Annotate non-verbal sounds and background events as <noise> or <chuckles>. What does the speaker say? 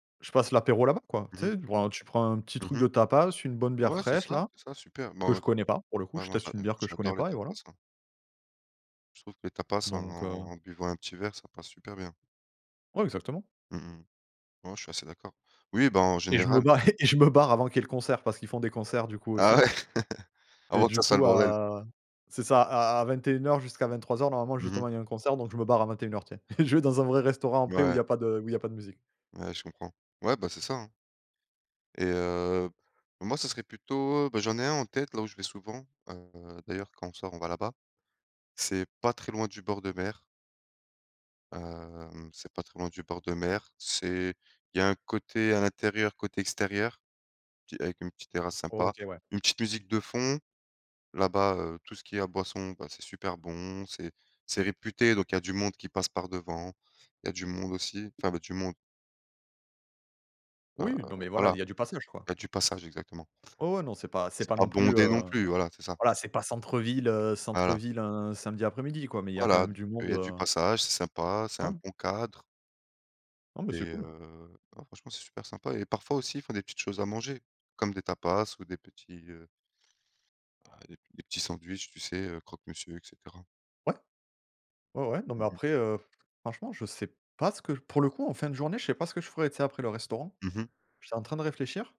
Je passe l'apéro là-bas, quoi. Mmh Tu mh. sais, tu prends un tu prends un petit Mmh truc de mh. tapas, une bonne bière Ouais c'est fraîche, ça, là. c'est ça, super, Que bah je connais pas pour le coup, ouais, je moi j'a teste une heu, bière que je connais j'adore les pas et tapas, voilà. hein. Je trouve que les tapas en Donc, heu en buvant un petit verre, ça passe super bien. Ouais, exactement. Mmh mh. Ouais je suis assez d'accord. Oui, bah, en Et je me général ba <chuckles> et je me barre avant qu'il y ait le concert, parce qu'ils font des concerts du coup, Ah aussi. ouais, <chuckles> Et avant que du ça soit le coup bordel. à c'est ça à 21:00 jusqu'à 23:00, normalement, Mmh mh. justement, il y a un concert, donc je me barre à 21:00, tu sais. <chuckles> Je vais dans un vrai restaurant après où il y Ouais. a pas de où il y a pas de musique. Ouais, je comprends. Ouais, ben, c'est ça, hein. Et heu, moi ça serait plutôt, bah, j'en ai un en tête là où je vais souvent, heu, d'ailleurs quand on sort, on va là-bas. C'est pas très loin du bord de mer. Hem, c'est pas très loin du bord de mer, c'est il y a un côté à l'intérieur, côté extérieur, petit avec une petite terrasse sympa, OK, ouais. une petite musique de fond. Là-bas, heu, tout ce qui est à boissons, bah, c'est super bon, c'est c'est réputé, donc il y a du monde qui passe par devant, il y a du monde aussi enfin, bah, du monde heu, Oui, non mais voilà, il voilà, y a du passage, quoi. il y a du passage exactement. Ouais, ouais, non, c'est pas c'est C'est pas pas non plus, bondé non heu plus voilà, c'est ça. voilà, c'est pas centre-ville, heu Voilà. centre-ville un samedi après-midi, quoi, mais il y a quand Voilà, même du il monde, y a du heu passage, c'est sympa, c'est un Ouais. bon cadre. Non mais c'est Et cool. heu, non franchement, c'est super sympa et parfois aussi, ils font des petites choses à manger comme des tapas ou des petits, heu bah, des des petits sandwichs, tu sais, heu, croque-monsieur, et cetera. Ouais. Ouais, ouais, non, Mmh mais mh. après, heu, franchement je sais pas ce que pour le coup, en fin de journée, je sais pas ce que je ferais, tu sais, après le restaurant. Mmh mh. J'étais en train de réfléchir.